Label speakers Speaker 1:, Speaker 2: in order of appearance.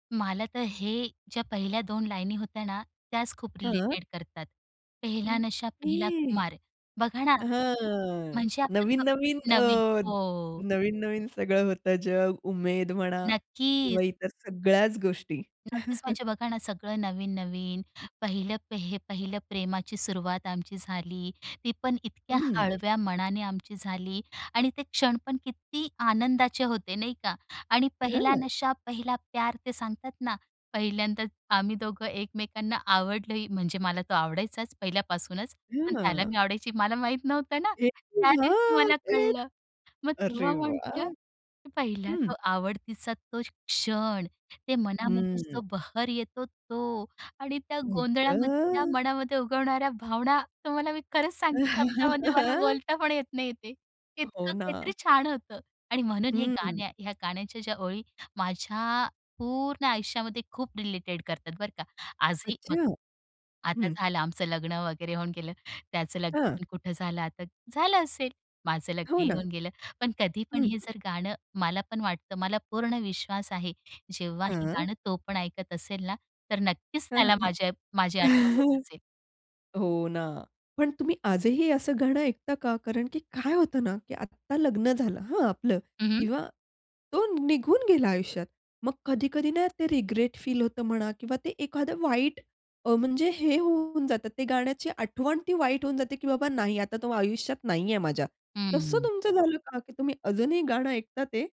Speaker 1: मला तर हे ज्या पहिल्या 2 लाईनी होत्या ना, त्याच खूप
Speaker 2: हां.
Speaker 1: रिलेटेड करतात. पेहला नशा पेहला
Speaker 2: ओके.
Speaker 1: खुमार. बघा ना.
Speaker 2: हां.
Speaker 1: म्हणजे आपले.
Speaker 2: नवीन-नवीन
Speaker 1: म्हणजे आपलं अ, नवीन.
Speaker 2: अ,
Speaker 1: हो.
Speaker 2: नवीन-नवीन सगळं होतं जग, उमेद म्हणा
Speaker 1: नक्कीच.
Speaker 2: किंवा इतर सगळ्याच गोष्टी.
Speaker 1: नक्कीच, म्हणजे बघा ना सगळं नवीन-नवीन. पहिलं हे पहिलं प्रेमाची सुरुवात आमची झाली. ती पण इतक्या
Speaker 2: हं.
Speaker 1: हळव्या मनाने आमची झाली आणि ते क्षण पण किती आनंदाचे होते नाही का. आणि पेहला
Speaker 2: हां.
Speaker 1: नशा पेहला प्यार ते सांगतात ना. पहिल्यांदाच आम्ही दोघं एकमेकांना आवडलोही म्हणजे मला तो आवडायचाच पहिल्यापासूनच. पण त्याला
Speaker 2: हां.
Speaker 1: मी आवडायची मला माहीत नव्हतं ना. त्या
Speaker 2: [unintelligible]
Speaker 1: दिवशी
Speaker 2: हां,
Speaker 1: मला
Speaker 2: तेच.
Speaker 1: कळलं. मग
Speaker 2: अरे
Speaker 1: तेव्हा म्हटलं
Speaker 2: वाह!
Speaker 1: पहिला
Speaker 2: हं.
Speaker 1: तो आवडतीचा तो क्षण. ते मनामध्ये
Speaker 2: हं.
Speaker 1: जो बहर येतो तो आणि त्या
Speaker 2: आई
Speaker 1: गोंधळामध्ये त्या
Speaker 2: गं!
Speaker 1: मनामध्ये उगवणाऱ्या भावना तुम्हाला मी खरंच सांगते शब्दामध्ये मला बोलता पण येत नाही ते.
Speaker 2: हो
Speaker 1: इतकं काहीतरी
Speaker 2: ना.
Speaker 1: छान होतं आणि म्हणून हे
Speaker 2: हं.
Speaker 1: गाण्या ह्या गाण्याच्या ज्या ओळी माझ्या पूर्ण आयुष्यामध्ये खूप रिलेटेड करतात बरं का, आजही
Speaker 2: अच्छा.
Speaker 1: बघा. आता
Speaker 2: हं.
Speaker 1: झालं आमचं लग्न वगैरे होऊन गेलं. त्याचं
Speaker 2: हां.
Speaker 1: लग्न कुठं झालं आता झालं असेल. माझं
Speaker 2: हो
Speaker 1: लग्न
Speaker 2: ना.
Speaker 1: होऊन गेलं. पण कधी पण
Speaker 2: हं.
Speaker 1: हे जर गाणं मला पण वाटतं मला पूर्ण विश्वास आहे. जेव्हा हे
Speaker 2: हां.
Speaker 1: गाणं तो पण ऐकत असेल ना. तर नक्कीच
Speaker 2: हां,
Speaker 1: त्याला
Speaker 2: हां,
Speaker 1: माझी प माझी
Speaker 2: हां.
Speaker 1: आठवण येत असेल.
Speaker 2: हो ना. पण तुम्ही आजही असं गाणं ऐकता का? कारण की काय होतं ना की आत्ता लग्न झालं हां आपलं
Speaker 1: हं, हं.
Speaker 2: किंवा तो निघून गेला आयुष्यात मग कधी-कधी ना ते रिग्रेट फील होतं म्हणा किंवा ते एखादं वाईट अ, म्हणजे हे होऊन जातं ते गाण्याची आठवण ती वाईट होऊन जाते की बाबा नाही आता तो आयुष्यात नाहीये माझ्या. तसं
Speaker 1: हं.
Speaker 2: तुमचं झालं का? की तुम्ही अजूनही गाणं ऐकता ते?